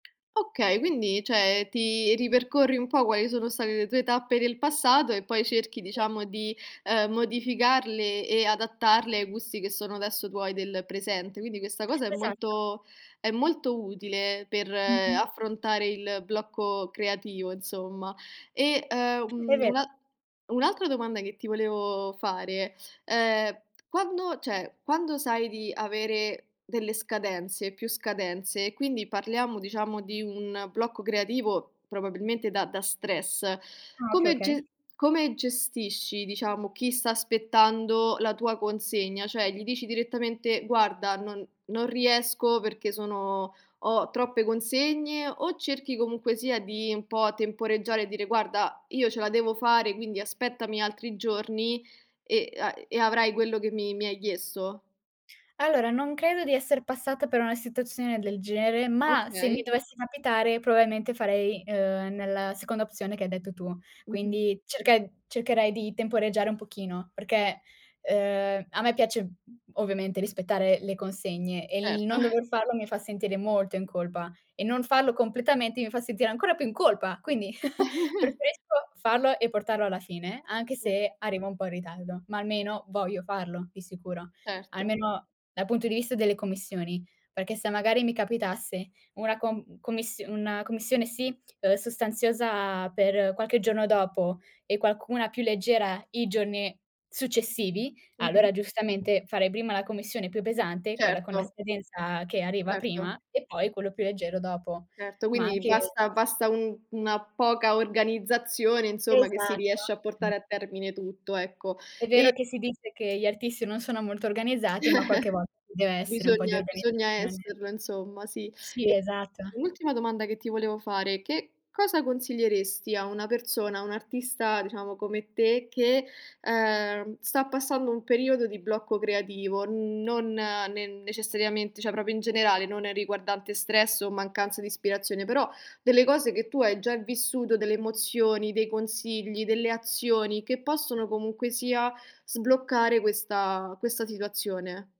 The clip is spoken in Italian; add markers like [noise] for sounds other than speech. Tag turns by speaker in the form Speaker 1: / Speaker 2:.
Speaker 1: Okay, quindi cioè ti ripercorri un po' quali sono state le tue tappe del passato e poi cerchi
Speaker 2: Sì.
Speaker 1: diciamo di, uhm, modificarle e adattarle ai gusti che sono adesso tuoi del presente. Quindi questa cosa è
Speaker 2: Esatto.
Speaker 1: molto è molto utile per
Speaker 2: Mh-mh.
Speaker 1: affrontare il blocco creativo, insomma. E,
Speaker 2: È
Speaker 1: ehm,
Speaker 2: vero.
Speaker 1: una un'altra domanda che ti volevo fare, ehm, quando cioè, quando sai di avere delle scadenze, più scadenze e quindi parliamo diciamo di un blocco creativo probabilmente da da stress,
Speaker 2: Ah, okay,
Speaker 1: come
Speaker 2: okay.
Speaker 1: ge come gestisci diciamo chi sta aspettando la tua consegna, cioè gli dici direttamente: "Guarda non non riesco perché sono ho troppe consegne," o cerchi comunque sia di un po' temporeggiare e dire: "Guarda, io ce la devo fare, quindi aspettami altri giorni e a e avrai quello che mi mi hai chiesto."
Speaker 2: Allora, non credo di esser passata per una situazione del genere, ma se mi
Speaker 1: Okay.
Speaker 2: dovesse capitare probabilmente farei, uhm, nella seconda opzione che hai detto tu.
Speaker 1: Mh-mh.
Speaker 2: Quindi cerche cercherei di temporeggiare un pochino. Perché, uhm, a me piace ovviamente rispettare le consegne e il
Speaker 1: Certo.
Speaker 2: non
Speaker 1: [chuckles]
Speaker 2: dover farlo mi fa sentire molto in colpa e non farlo completamente mi fa sentire ancora più in colpa. Quindi [chuckles]
Speaker 1: [chuckles]
Speaker 2: preferisco farlo e portarlo alla fine, anche
Speaker 1: Cert
Speaker 2: se arriva un po' in ritardo, ma almeno voglio farlo di sicuro,
Speaker 1: Certo.
Speaker 2: almeno dal punto di vista delle commissioni. Perché se magari mi capitasse una com commissio una commissione, sì, uhm, sostanziosa per qualche giorno dopo e qualcuna più leggera i giorni successivi,
Speaker 1: Mh-mh.
Speaker 2: allora giustamente farei prima la commissione più pesante, quella con la
Speaker 1: Certo.
Speaker 2: scadenza che arriva
Speaker 1: Certo.
Speaker 2: prima, e poi quello più leggero dopo.
Speaker 1: Certo,
Speaker 2: Ma
Speaker 1: quindi
Speaker 2: anche
Speaker 1: basta basta un una poca organizzazione, insomma, che si
Speaker 2: Esatto.
Speaker 1: riesce a portare a termine tutto, ecco
Speaker 2: È vero
Speaker 1: e
Speaker 2: che si dice che gli artisti non sono molto organizzati, ma qualche volt ci
Speaker 1: [chuckles]
Speaker 2: deve essere un po' di
Speaker 1: Bisogna bisogna
Speaker 2: organizzazione.
Speaker 1: esserlo, insomma, sì. E
Speaker 2: Sì, esatto.
Speaker 1: un ultima domanda che ti volevo fare: che cosa consiglieresti a una persona, a un artista, diciamo, come te, che, uhm, sta passando un periodo di blocco creativo, uhm, non ne necessariamente, cioè proprio in generale, non è riguardante stress o mancanza di ispirazione. Però delle cose che tu hai già vissuto, delle emozioni, dei consigli, delle azioni che possono comunque sia sbloccare questa questa situazione.